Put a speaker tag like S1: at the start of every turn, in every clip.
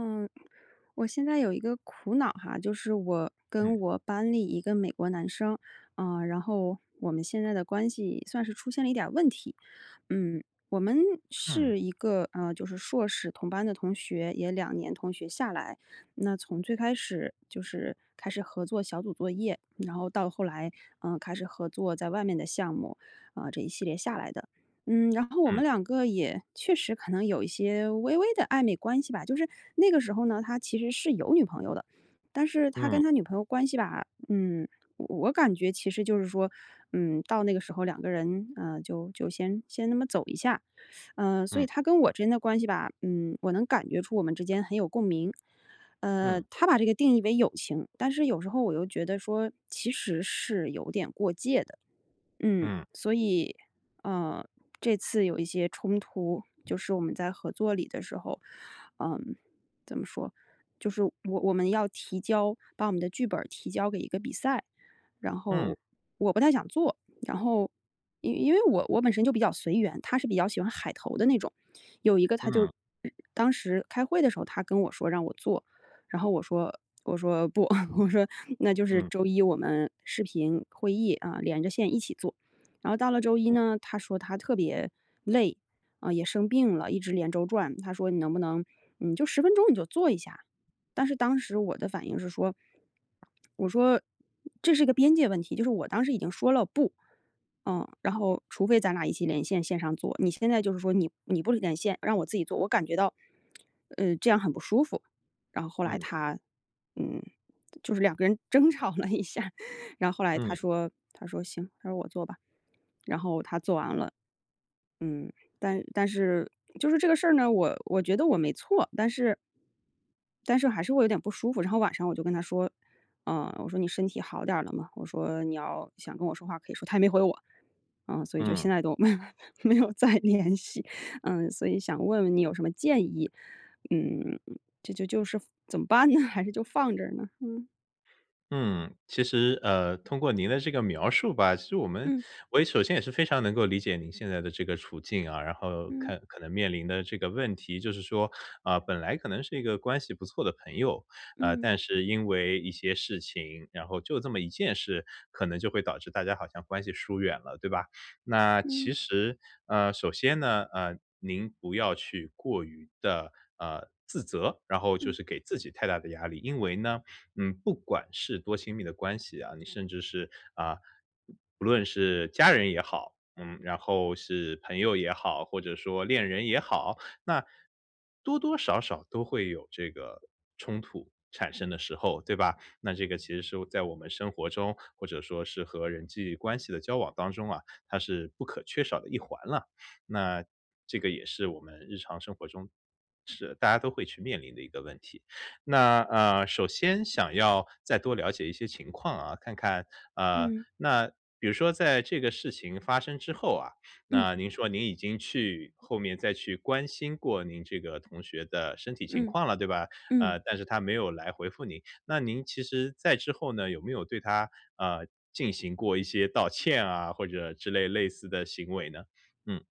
S1: 嗯，我现在有一个苦恼哈。就是我跟
S2: 嗯。
S1: 我班里一个美国男生，呃，然后我们现在的关系算是出现了一点儿问题。嗯，我们
S2: 嗯。
S1: 是一个，呃，就是硕士同班的同学，也2年同学下来。那从最开始就是开始合作小组作业，然后到后来，呃，开始合作在外面的项目，呃，这一系列下来的。嗯，然后我们
S2: 嗯。
S1: 2个也确实可能有一些微微地暧昧关系吧，就是那个时候呢，他其实是有女朋友的。但是他
S2: 嗯。
S1: 跟他女朋友关系吧，嗯，我感觉其实就是说，嗯，到那个时候2个人，呃，就就先先那么走一下。呃，所以
S2: 嗯。
S1: 他跟我之间的关系吧，嗯，我能感觉出我们之间很有共鸣。
S2: 嗯。
S1: 呃，他把这个定义为友情，但是有时候我又觉得说，其实是有点过界的。嗯，
S2: 嗯。
S1: 所以，呃，这次有一些冲突，就是我们在合作里的时候。嗯，怎么说，就是我我们要提交，把我们的剧本儿提交给一个比赛。然
S2: 嗯。
S1: 后我不太想做，然后因因为我我本身就比较随缘，他是比较喜欢海投的那种。有一个他就
S2: 嗯。
S1: 当时开会的时候他跟我说让我做，然后我说，我说：“不。” 我说：“那就是
S2: 嗯。
S1: 周一我们视频会议啊，连着线一起做。”然后到了周一
S2: 嗯。
S1: 呢，他说他特别累，啊，也生病了，一直连轴转，他说：“你能不能，你就10分钟你就做一下。”但是当时我的反应是说，我说：“这是一个边界问题，”就是我当时已经说了，不。呃，然后除非咱俩一起连线，线上做，你现在就是说你你不连线，让我自己做，我感觉到，呃，这样很不舒服。然后后来
S2: 嗯。
S1: 他，嗯，就是2个人争吵了一下，然后后来他
S2: 嗯。
S1: 说他说：“行，”他说：“我做吧，”然后他做完了。嗯，但但是就是这个事儿呢，我我觉得我没错，但是但是还是会有点不舒服。然后晚上我就跟他说：“呃，我说你身体好点儿了吗？我说“你要想跟我说话，可以说。”他没回我，啊，所以就
S2: 嗯。
S1: 现在都没有没有没有再联系。嗯，所以想问问你有什么建议，嗯，这就就是怎么办呢？还是就放着呢？嗯。
S2: 嗯，其实，呃，通过您的这个描述吧，其实我们
S1: 嗯。
S2: 我也首先也是非常能够理解你现在的这个处境啊。然后
S1: 嗯。
S2: 看可能面临的这个问题，就是说，啊，本来可能是一个关系不错的朋友，啊，
S1: 嗯。
S2: 但是因为一些事情，然后就这么一件事，可能就会导致大家好像关系疏远了，对吧？那其
S1: 嗯。
S2: 实呃，首先呢，呃，您不要去过于地，呃，自责，然后就
S1: 嗯。
S2: 是给自己太大的压力。因为呢，嗯，不管是多亲密的关系啊，你甚至是啊，不论是家人也好，嗯，然后是朋友也好，或者说恋人也好，那多多少少都会有这个冲突产生的时候，对吧？那这个其实是在我们生活中，或者说是和人际关系的交往当中啊，它是不可缺少的一环了。那这个也是我们日常生活中，是大家都会去面临的一个问题。那，呃，首先想要再多了解一些情况啊，看看啊，
S1: 嗯。
S2: 那比如说在这个事情发生之后啊，
S1: 嗯。
S2: 那您说您已经去后面再去关心过您这个同学的身体情
S1: 嗯，
S2: 况了，对吧？
S1: 嗯。
S2: 呃，但是他没有来回复您。那您其实再之后呢，有没有对他，呃，进行过一些道歉啊，或者之类类似的行为呢？嗯。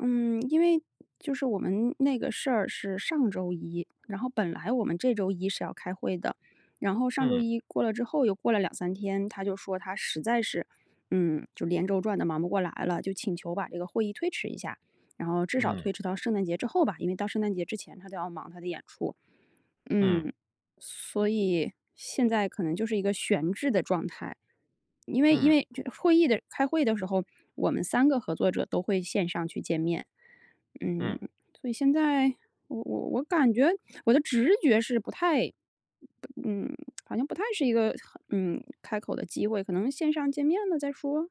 S1: 嗯，因为就是我们那个事儿是上周一，然后本来我们这周一是要开会的。然后上周
S2: 嗯。
S1: 一过了之后，又过了2-3天，他就说他实在是嗯，就连轴转得忙不过来了，就请求把这个会议推迟一下。然后至少
S2: 嗯。
S1: 推迟到圣诞节之后吧，因为到圣诞节之前，他都要忙他的演出，
S2: 嗯。
S1: 嗯。所以，现在可能就是一个悬置的状态。因为因
S2: 嗯。
S1: 为就会议的开会的时候，我们3个合作者都会线上去见面。嗯，
S2: 嗯。
S1: 所以现在，我我我感觉我的直觉是不太嗯，好像不太是一个很嗯，开口的机会，可能线上见面了再说？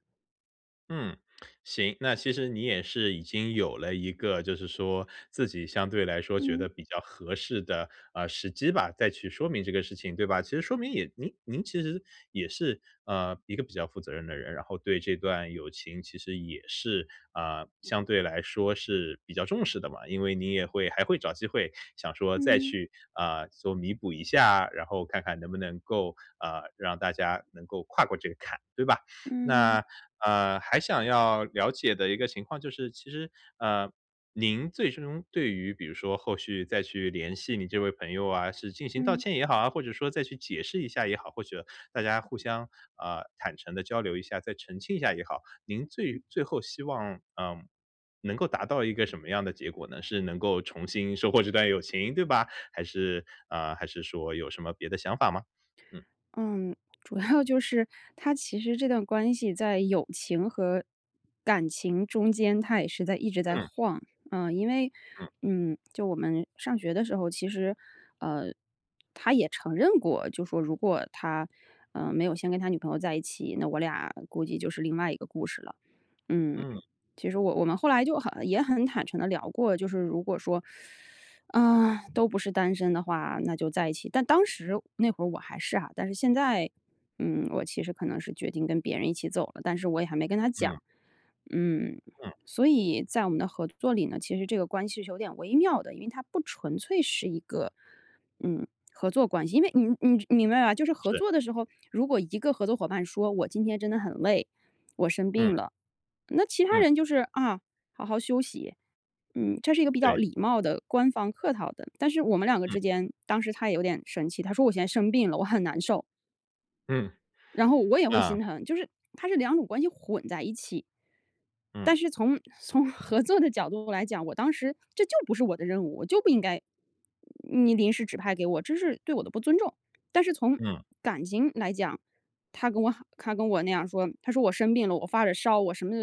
S2: 嗯，行。那其实你也是已经有了一个就是说自己相对来说，觉
S1: 嗯。
S2: 得比较合适的，呃，时机吧，再去说明这个事情，对吧？其实说明也您您其实也是，呃，一个比较负责任的人，然后对这段友情其实也是啊，相对来说是比较重视的嘛。因为你也会还会找机会，想说再
S1: 嗯。
S2: 去，啊，做弥补一下，然后看看能不能够，呃，让大家能够跨过这个坎，对吧？
S1: 嗯。
S2: 那，呃，还想要了解的一个情况就是，其实呃，您最终对于比如说后续再去联系你这位朋友啊，是进行道
S1: 嗯。
S2: 歉也好啊，或者说再去解释一下也好，或者大家互相，啊，坦诚地交流一下，再澄清一下也好，您
S1: 嗯。
S2: 最最后希望，嗯，能够达到一个什么样的结果呢？是能够重新收获这段友情，对吧？还是啊，还是说有什么别的想法吗？嗯。
S1: 嗯，主要就是，它其实这段关系在友情和感情中间，它也是在一直在
S2: 嗯。
S1: 晃。呃，因为，
S2: 嗯。
S1: 嗯，就我们上学的时候，其实，呃，他也承认过，就说如果他，呃，没有先跟他女朋友在一起，那我俩估计就是另外一个故事了。嗯，
S2: 嗯。
S1: 其实我我们后来就很也很坦诚地聊过，就是如果说，呃，都不是单身的话，那就在一起。但当时那会儿我还是啊，但是现在，嗯，我其实可能是决定跟别人一起走了，但是我也还没跟他讲。
S2: 嗯。
S1: 嗯，
S2: 嗯。
S1: 所以在我们的合作里呢，其实这个关系是有点微妙的，因为它不纯粹是一个，嗯，合作关系，因为你你你明白吧？就是合
S2: 是。
S1: 作的时候，如果一个合作伙伴说：“我今天真的很累，我生病
S2: 嗯。
S1: 了。”那其他
S2: 嗯。
S1: 人就是：“啊，好好休息。”嗯，这是一个比较
S2: 对。
S1: 礼貌的、官方客套的。但是我们两个
S2: 嗯。
S1: 之间，当时他也有点生气，他说我现在生病了，我很难受。
S2: 嗯，
S1: 然后我也会
S2: 啊。
S1: 心疼，就是它是两种关系混在一起。
S2: 嗯。
S1: 但是从从合作的角度来讲，我当时这就不是我的任务，我就不应该你临时指派给我，这是对我的不尊重。但是从
S2: 嗯。
S1: 感情来讲，他跟我他跟我那样说，他说：“我生病了，我发着烧，我什么”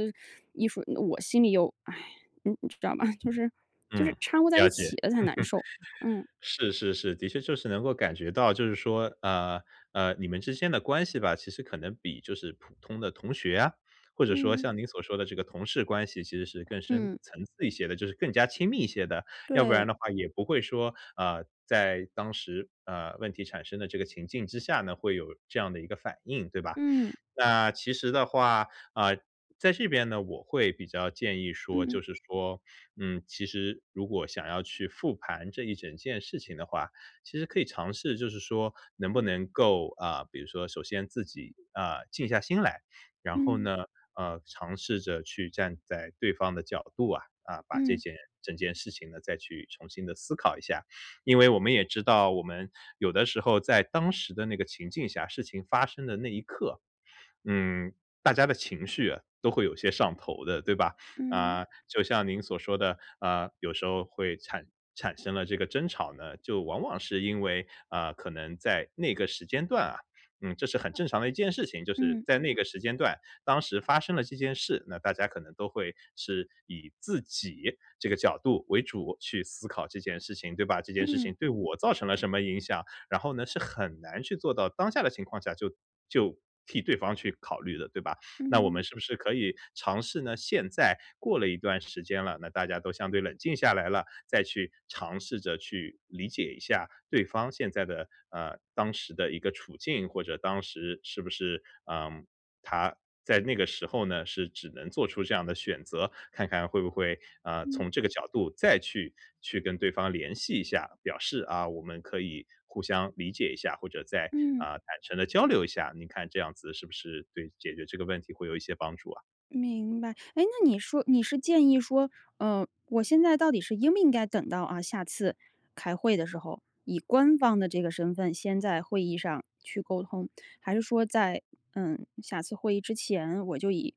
S1: 一说，我心里又唉，你你知道吗？就是就
S2: 嗯，
S1: 是掺和在
S2: 了
S1: 一
S2: 解。
S1: 起了才难受，嗯。
S2: 是是是，的确就是能够感觉到，就是说，呃，呃，你们之间的关系吧，其实可能比就是普通的同学啊，或者说
S1: 嗯。
S2: 像您所说的这个同事关系，其实是更深
S1: 嗯。
S2: 层次一些的，就是更加亲密一些的。要不然
S1: 对。
S2: 的话也不会说，啊，在当时，呃，问题产生的这个情境之下呢，会有这样的一个反应，对吧？
S1: 嗯。
S2: 那其实的话，啊，在这边呢，我会比较建议说，
S1: 嗯。
S2: 就是说，嗯，其实如果想要去复盘这一整件事情的话，其实可以尝试，就是说能不
S1: 嗯。
S2: 能够啊，比如说首先自己，啊，静下心来。然后
S1: 嗯。
S2: 呢，呃，尝试着去站在对方的角度啊，啊，把这
S1: 嗯。
S2: 件整件事情呢，再去重新地思考一下。因为我们也知道，我们有的时候，在当时的那个情景下，事情发生的那一刻，嗯，大家的情绪都会有些上头的，对吧？
S1: 嗯。
S2: 啊，就像您所说的，啊，有时候会产产生了这个争吵呢，就往往是因为，啊，可能在那个时间段啊，嗯，这是很正常的一件事情。就是
S1: 嗯。
S2: 在那个时间段，当时发生了这件事，那大家可能都会是以自己这个角度为主，去思考这件事情，对吧？这件事
S1: 嗯。
S2: 情对我造成了什么影响，然后呢，是很难去做到当下的情况下，就就替对方去考虑的，对吧？那我们
S1: 嗯。
S2: 是不是可以尝试呢，现在过了一段时间了，那大家都相对冷静下来了，再去尝试着去理解一下对方现在的呃，当时的一个处境，或者当时是不是呃，他在那个时候呢，是只能做出这样的选择。看看会不会，啊，
S1: 嗯。
S2: 从这个角度再去去跟对方联系一下，表示：“啊，我们可以互相理解一下，或者再，
S1: 嗯。
S2: 啊，坦诚地交流一下。”你看这样子，是不是对解决这个问题会有一些帮助啊？
S1: 明白，哎，那你说你是建议说，呃，我现在到底是应不应该等到，啊，下次开会的时候，以官方的这个身份先在会议上去沟通，还是说在，呃，下次会议之前，我就以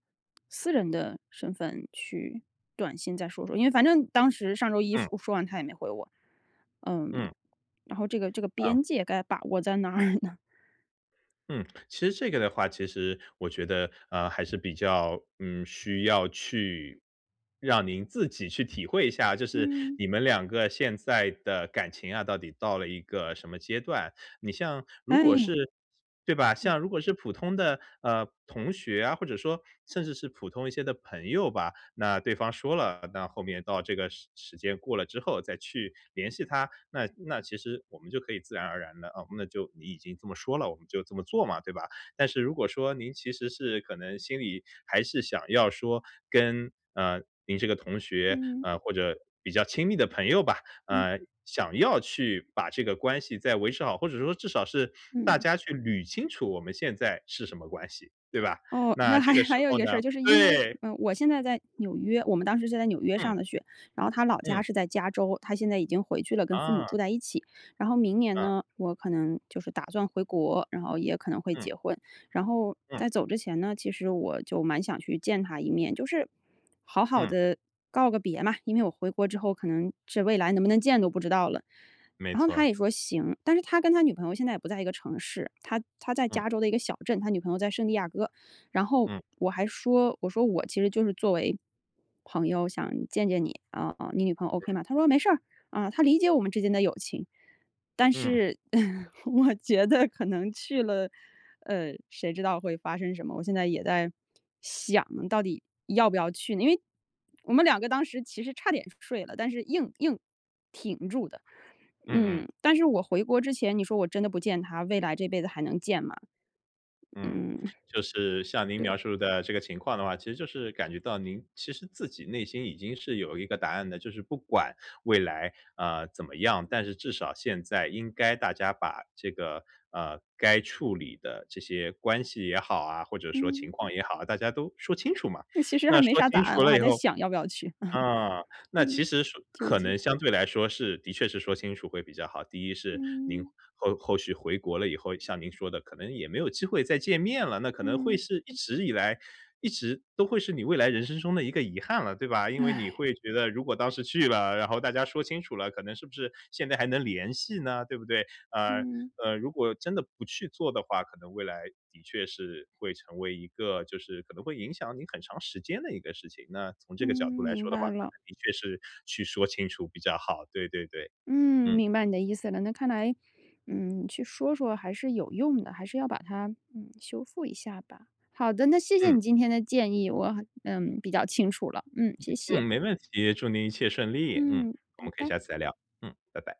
S1: 私人的身份去短信再说说。因为反正当时上周一
S2: 嗯。
S1: 说说完他也没回我，呃，
S2: 嗯。
S1: 然后这个这个
S2: 啊。
S1: 边界该把握在哪儿呢？
S2: 嗯，其实这个的话，其实我觉得，呃，还是比较，嗯，需要去让您自己去体会一下。就是
S1: 嗯。
S2: 你们两个现在的感情啊，到底到了一个什么阶段？你像如果
S1: 唉。
S2: 是对吧，
S1: 嗯。
S2: 像如果是普通的，呃，同学啊，或者说甚至是普通一些的朋友吧，那对方说了，那后面到这个时时间过了之后再去联系他。那那其实我们就可以自然而然地啊，那就你已经这么说了，我们就这么做嘛。对吧？但是如果说您其实是可能心里还是想要说跟，呃，您这个同学
S1: 嗯。
S2: 啊，或者比较亲密的朋友吧，
S1: 嗯。
S2: 啊，想要去把这个关系再维持好，或者说至少是大
S1: 嗯。
S2: 家去捋清楚我们现在是什么关系，对吧？
S1: 哦，那
S2: 那
S1: 还
S2: 这个时
S1: 还有一
S2: 候
S1: 个事
S2: 呢
S1: 儿。就是因为
S2: 对。
S1: 我现在在纽约，我们当时是在纽约
S2: 嗯。
S1: 上的学，然后他老家
S2: 嗯。
S1: 是在加州，他现在已经回去了跟父母
S2: 啊。
S1: 住在一起。然后明年
S2: 嗯。
S1: 呢，我可能就是打算回国，然后也可能会
S2: 嗯。
S1: 结婚。然后
S2: 嗯。
S1: 在走之前呢，其实我就蛮想去见他一面，就是好好
S2: 嗯。
S1: 地告个别嘛！因为我回国之后可能是未来能不能见都不知道了。
S2: 没
S1: 然后他
S2: 错。
S1: 也说行，但是他跟他女朋友现在也不在一个城市，他他在
S2: 嗯。
S1: 加州的一个小镇，他女朋友在圣地亚哥。然后
S2: 嗯。
S1: 我还说我说我其实就是作为朋友想见见你，啊，哦，你女朋友 OK
S2: 嗯。
S1: 吗？他说没事，啊。她理解我们之间的友情，但
S2: 嗯。
S1: 是，呃，我觉得可能去了，呃，谁知道会发生什么？我现在也在想到底要不要去呢？因为我们2个当时其实差点睡了，但是硬硬挺住的。
S2: 嗯嗯。
S1: 呃，但是我回国之前，你说我真的不见他，未来这辈子还能见吗？
S2: 嗯，
S1: 嗯，
S2: 就是像您
S1: 对。
S2: 描述的这个情况的话，其实就是感觉到，您其实自己内心已经是有一个答案的。就是不管未来，啊，怎么样，但是至少现在应该大家把这个，呃，该处理的这些关系也好啊，或者说情
S1: 嗯。
S2: 况也好啊，大家都说清楚嘛。
S1: 其实还
S2: 那
S1: 没
S2: 说
S1: 啥答
S2: 清
S1: 案，
S2: 楚
S1: 我
S2: 了
S1: 还
S2: 以
S1: 在
S2: 后
S1: 想要不要去。
S2: 啊，那其
S1: 呃，
S2: 实说
S1: 纠
S2: 可
S1: 结。
S2: 能相对来说是的确是说清楚会比较好。第1是您
S1: 嗯。
S2: 后后续回国了以后像您说的，可能也没有机会见面了，那可能会
S1: 嗯。
S2: 是一直以来一直都会是你未来人生中的一个遗憾了，对吧？因为你 会觉得如果当时去了，然后大家说清楚了，可能是不是现在还能联系呢？对不对？啊，
S1: 嗯。
S2: 呃，如果真的不去做的话，可能未来的确是会成为一个就是可能会影响你很长时间的一个事情，那从这
S1: 嗯，
S2: 个角度来
S1: 明
S2: 说的话，
S1: 白
S2: 可
S1: 了。
S2: 能的确是去说清楚比较好，对对对。
S1: 嗯，
S2: 嗯。
S1: 明白你的意思了，那看来，呃，去说说还是有用的，还是要把它，呃，修复一下吧。好的，那谢谢
S2: 嗯。
S1: 你今天的建议，我，呃，比较清楚了，嗯，谢
S2: 嗯，
S1: 谢。
S2: 没问题，祝您一切顺利，嗯，
S1: 嗯，
S2: 我
S1: 拜
S2: 们可以
S1: 拜。
S2: 下次再聊，嗯，拜拜。